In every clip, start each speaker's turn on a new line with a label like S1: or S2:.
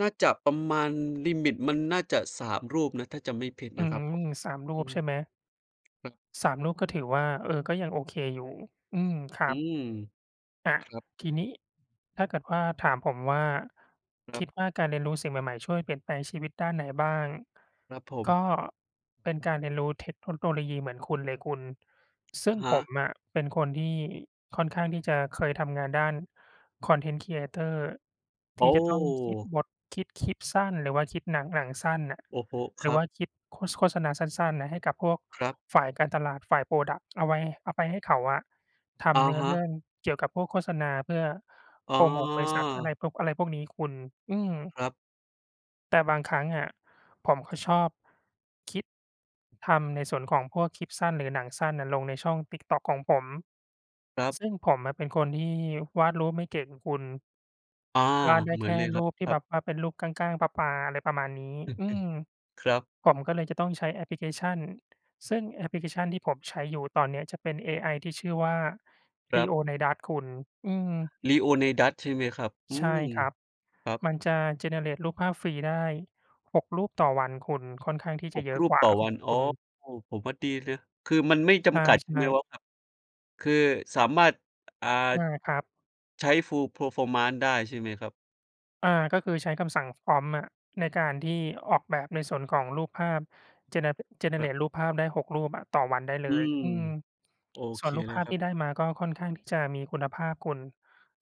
S1: น่าจะประมาณลิมิตมันน่าจะ 3 รูปนะ ถ้าจำไม่ผิด
S2: อื
S1: น
S2: ้
S1: ะ
S2: อ
S1: ครั
S2: ฮ
S1: บ
S2: ือ
S1: ผม
S2: 3 รู
S1: อื
S2: ปใช
S1: ม
S2: ่ไหม?
S1: ครับ
S2: 3 รูป ก็ถือว่า เออ ก็ยังโอเคอยู่ อืม คร
S1: อ
S2: ั
S1: ื
S2: บ
S1: ม
S2: อา
S1: ครับ
S2: ทีนี้ถ้าเกิดว่าถามผมว่า
S1: คร
S2: ค
S1: ับ
S2: ิดว่าการเรียนรู้สิ่งใหม่ ๆ ช่วยเปลี่ยนแปลงชีวิตด้านไหนบ้าง?
S1: ครับผม
S2: ก็เป็นการเรียนรู้เทคโนโลยีเหมือนคุณเลยคุณ ซึ
S1: อ
S2: ่
S1: ะ
S2: ง
S1: ฮ
S2: ผ
S1: ะ
S2: มอะเป็นคนที่ค่อนข้างที่จะเคยทำงานด้าน Content Creator
S1: โ
S2: ท
S1: อ
S2: ี่จะต้องคิด
S1: ้!
S2: บท คิดคลิปสั้น หรือว่าคิด หนัง หนังสั้นน่ะ
S1: โอ้โฮ
S2: หร
S1: ค
S2: ื
S1: ร
S2: อ
S1: ั
S2: ว่
S1: บ
S2: าคิด โฆ โฆษณาสั้น ๆ น่ะ ให้กับพวก
S1: ครับ
S2: ฝ่ายการตลาด ฝ่าย พรอดักต์ เอาไว้ เอาไปให้เขาอะท
S1: อะ
S2: ำเนื้อ
S1: ฮ
S2: เร
S1: ะ
S2: ื่องเกี่ยวกับพวกโฆษณาเพื่อ
S1: อ๋
S2: โปรโมทบริษัทอะไร
S1: อ
S2: ปุ๊บ อะไรพวกนี้คุณ อืม
S1: ครับ
S2: แต่บางครั้งอะ ผมก็ชอบ คิด ทำในส่วนของพวกคลิปสั้น หรือหนังสั้นน่ะลงในช่องติ๊กต๊อกของผม
S1: ครับ
S2: ซึ่งผมอะเป็นคนที่วาดรูปไม่เก่งอะคุณ
S1: อา
S2: วาดได้
S1: เหมื
S2: แค
S1: อน
S2: ่
S1: เลยคร
S2: ร
S1: ั
S2: ู
S1: บ
S2: ปที
S1: ค
S2: ่
S1: รั
S2: แบ
S1: บ
S2: บว่าเป็นรูปก้าง ๆ ปลา ๆ อะไรประมาณนี้ อืม
S1: ครับ
S2: ผมก็เลยจะต้องใช้แอปพลิเคชัน ซึ่งแอปพลิเคชันที่ผมใช้อยู่ตอนเนี้ยจะเป็นเอไอที่ชื่อว่า
S1: ครับ
S2: Leonidas คุณ อืม
S1: Leonidas ใช่ไหมครับ? อื
S2: ใช่
S1: ม
S2: ครับ
S1: ครับ
S2: มันจะ generate รูปภาพฟรีได้ 6 รูปต่อวันคุณ ค่อนข้างที่จ
S1: ห
S2: ะ
S1: ก
S2: เยอะ
S1: รู
S2: ก
S1: ป
S2: ว่
S1: ต
S2: า
S1: ่อ
S2: ข
S1: วั
S2: อ
S1: น
S2: ง
S1: อ
S2: ค
S1: ๋อ
S2: ุณ
S1: ผมว่าดีเลย คือมันไม่จ
S2: ใช
S1: ำกัดใช่ไห
S2: ่
S1: ม
S2: ๆ
S1: ว่า คือสามารถ อ่า
S2: ได้ครับ
S1: ใช้ Full Performance ได้ใช่ไหมครับ?
S2: อา ก็คือใช้คำสั่ง prompt อะ ในการที่ออกแบบในส่วนของรูปภาพ gene
S1: ครับ
S2: generate รูปภาพได้ 6 รูปอะต่อวันได้เล
S1: อื
S2: ย
S1: ม
S2: อืม
S1: โอ
S2: ส
S1: เ
S2: ่
S1: ค
S2: วนรูป
S1: เล
S2: ภ
S1: ย
S2: าพ
S1: คร
S2: ท
S1: ั
S2: ี
S1: บ
S2: ่ได้มาก็ค่อนข้างที่จะมีคุณภาพคุณ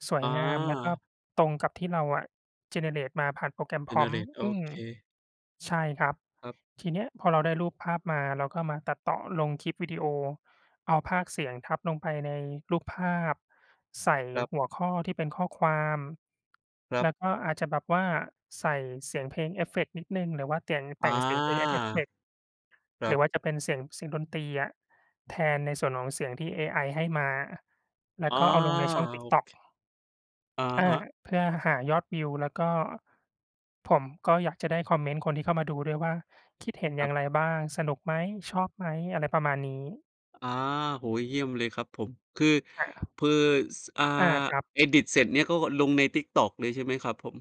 S2: สว
S1: อ
S2: ย
S1: ๋อ
S2: งามแล้วก็ตรงกับที่เราอะ generate มาผ่านโปรแกรม prompt
S1: generate โอ
S2: อืม
S1: เค
S2: ใช่ครับ
S1: ครับ
S2: ทีเนี้ยพอเราได้รูปภาพมา เราก็มาตัดต่อลงคลิปวิดีโอ เอาพากย์เสียงทับลงไปในรูปภาพ ใส่
S1: ครับ
S2: หัวข้อที่เป็นข้อความ
S1: ครั
S2: แล
S1: บ
S2: ้วก็อาจจะแบบว่าใส่เสียงเพลงเอฟเฟกต์นิดหนึ่ง หรือว่า แต่ง แ
S1: อ
S2: ต
S1: า
S2: ่งเสียงเพลงให้เอฟเฟกต์
S1: ครั
S2: หรือ
S1: บ
S2: ว่าจะเป็น เสียง เสียงดนตรีอะ แทนในส่วนของเสียงที่เอไอให้มา แล้ว
S1: อา
S2: ก็เอาลงในช่องติ๊ก
S1: โอ
S2: ต๊อก
S1: เค อะ
S2: อา
S1: ฮะ
S2: เพื่อหายอดวิว แล้วก็ผมก็อยากจะได้คอมเมนต์คนที่เข้ามาดูด้วยว่า คิดเห็นอย่
S1: คร
S2: า
S1: ับ
S2: งไรบ้าง? สนุกไหม? ชอบไหม? อะไรประมาณนี้
S1: อา โอ้ เยี่ยมเลยครับผม คือ
S2: อา
S1: คือ ส อ่า
S2: อา ครับ
S1: edit เสร็จเนี่ย เขาก็ลงในติ๊กต๊อกเลยใช่ไหมครับผม?